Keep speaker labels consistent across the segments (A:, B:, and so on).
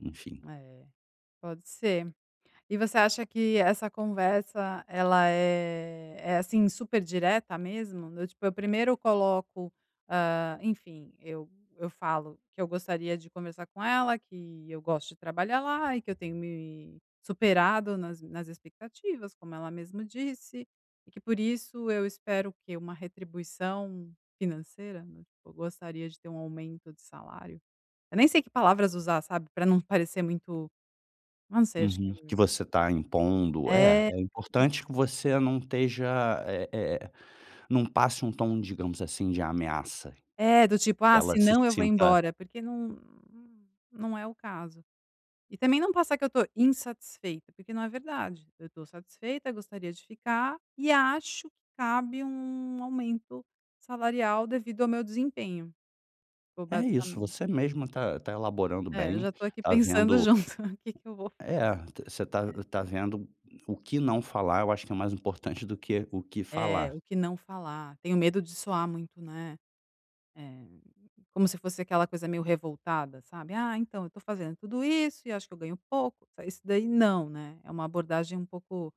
A: Enfim.
B: É, pode ser, e você acha que essa conversa, ela é é, assim, super direta mesmo? Do tipo, eu primeiro coloco, hã, enfim, eu eu falo que eu gostaria de conversar com ela, que eu gosto de trabalhar lá, e que eu tenho me superado nas m nas expectativas, como ela mesmo disse. E que por isso, eu espero o que, uma retribuição financeira? Do tipo, eu gostaria de ter um aumento de salário. Eu nem sei que palavras usar, sabe, pra não parecer muito, não sei, acho que
A: Uhum, que você está impondo. É
B: É,
A: é
B: isso.
A: importante que você não esteja, eh eh, não passe um tom, digamos assim, de ameaça,
B: É, do tipo,
A: que
B: "Ah,
A: ela se
B: senão eu vou
A: sinta
B: embora", porque não não é o caso. E também não passar que eu estou insatisfeita, porque não é verdade. Eu estou satisfeita, gostaria de ficar e acho que cabe um aumento salarial, devido ao meu desempenho, ou
A: É isso,
B: basicamente.
A: você mesma está está elaborando
B: É, eu
A: bem,
B: já estou aqui
A: está
B: pensando
A: vendo
B: junto, que que eu vou
A: é, você está
B: falar.
A: está vendo o que não falar, eu acho que é mais importante do que o que
B: É,
A: falar.
B: o que não falar. Tenho medo de soar muito, né, eh, como se fosse aquela coisa meio revoltada, sabe, "Ah, então, eu estou fazendo tudo isso e acho que eu ganho pouco", isso daí não, né, é uma abordagem um pouco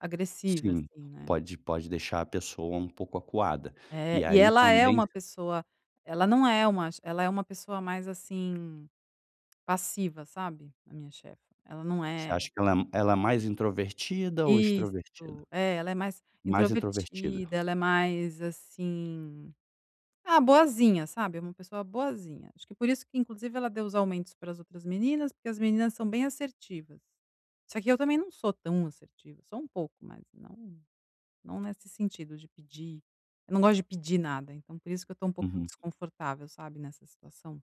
B: agressiva,
A: Sim,
B: assim, né.
A: pode pode deixar a pessoa um pouco acuada,
B: É,
A: e
B: e
A: aí
B: ela é
A: também
B: uma pessoa ela não é uma che ela é uma pessoa mais, assim, passiva sabe, a minha chefe. Ela não
A: Você
B: é
A: acha que ela é m ela é mais introvertida ou extrovertida.
B: Isso, é, ela é mais
A: Mais introvertida.
B: introvertida, ela é mais, assim, ah, boazinha, sabe, é uma pessoa boazinha. Acho que por isso que inclusive ela deu os aumentos para as outras meninas, porque as meninas são bem assertivas. Só que eu também não sou tão assertiva, sou um pouco, mas não não nesse sentido de pedir, eu não gosto de pedir nada, então, por isso que eu estou um pouquinho
A: Uhum.
B: desconfortável, sabe, nessa situação.